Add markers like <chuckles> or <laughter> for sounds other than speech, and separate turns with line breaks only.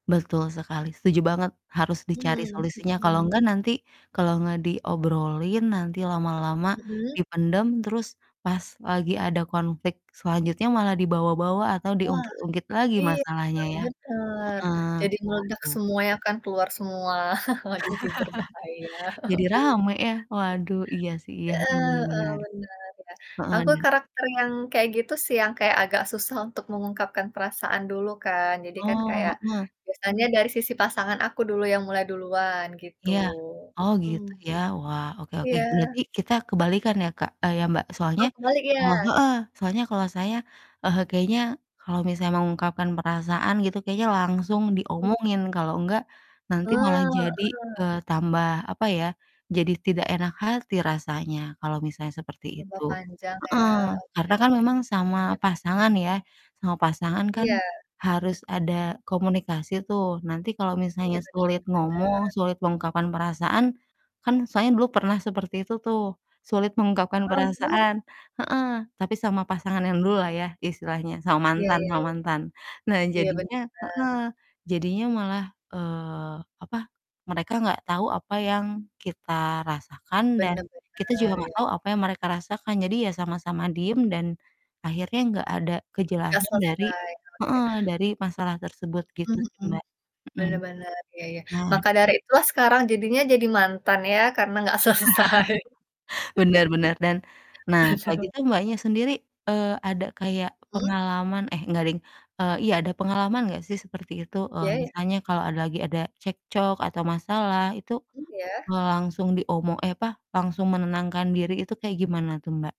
Betul sekali, setuju banget. Harus dicari
Mhm
solusinya kalo
mhm.
enggak nanti. Kalo nggak diobrolin nanti lama-lama
Mhm.
dipendam, terus pas lagi ada konflik selanjutnya malah dibawa-bawa atau
Wah.
diungkit-ungkit lagi
Iya,
masalahnya
Mbak,
ya.
benar.
Heeh,
Jadi meledak
waduh.
semuanya kan keluar semua <chuckles> jadi berbahaya.
<chuckles> Jadi rame ya.
<chuckles>
Waduh, iya sih iya,
Heeh
heeh, iya
heeh,
benar.
benar ya.
Heeh,
Aku
dan
karakter yang kayak gitu sih, yang kayak agak susah untuk mengungkapkan perasaan dulu kan. Jadi kan kayak
Oh, heeh.
biasanya dari sisi pasangan aku dulu yang mulai duluan gitu.
Iya. Oh,
Mmm.
gitu ya, wah, oke oke.
Iya.
Berarti kita kebalikan ya Kak eee, ya Mbak, soalnya
Oh, kebalik
soal
ya?
oh, heeh, soalnya kalau saya, heeh, kayaknya kalau misalnya mengungkapkan perasaan gitu kayaknya langsung
Iya.
diomongin, kalau enggak
Eh,
nanti malah jadi,
heeh.
eee, tambah, apa ya, jadi tidak enak hati rasanya kalau misalnya seperti
Tambah
itu.
panjang ya.
Heeh,
Oke
karena kan
oke,
memang sama
sip.
pasangan ya, sama pasangan kan
Iya.
harus ada komunikasi tuh, nanti kalau
Iya,
misalnya
bener
sulit
bener
ngomong,
bener.
sulit mengungkapkan perasaan kan saya dulu pernah seperti itu tuh, sulit mengungkapkan
Heeh, terus?
perasaan heeh, tapi sama pasangan yang dululah ya istilahnya, sama
Iya
mantan
iya iya
sama
iya.
mantan. Nah,
Iya, bener
jadinya
bener
heeh, jadinya malah, eee, apa, mereka gak tahu apa yang kita rasakan dan
Bener
kita juga
bener. Iya
gak
iya iya.
tahu apa yang mereka rasakan, jadi ya sama-sama diem dan akhirnya gak ada
Enggak
kejelasan dari
selesai, oke.
heeh, dari masalah tersebut, gitu
Mhm
sih,
mhm.
Mbak. Mhm.
Bener bener, iya iya.
Nah
Maka dari itulah sekarang jadinya jadi mantan ya karena gak selesai.
<laughs> Bener bener dan nah kalo
<laughs> Waduh.
gitu Mbaknya sendiri, eee, ada kayak
Mmm?
pengalaman eh, enggak deng eee, iya ada pengalaman gak sih seperti itu? Eee,
Iya iya?
misalnya kalo ada lagi ada cekcok atau masalah itu,
Mmm, iya?
eee, langsung diomong eh, apa, langusung menenangkan diri itu kayak gimana tuh, Mbak?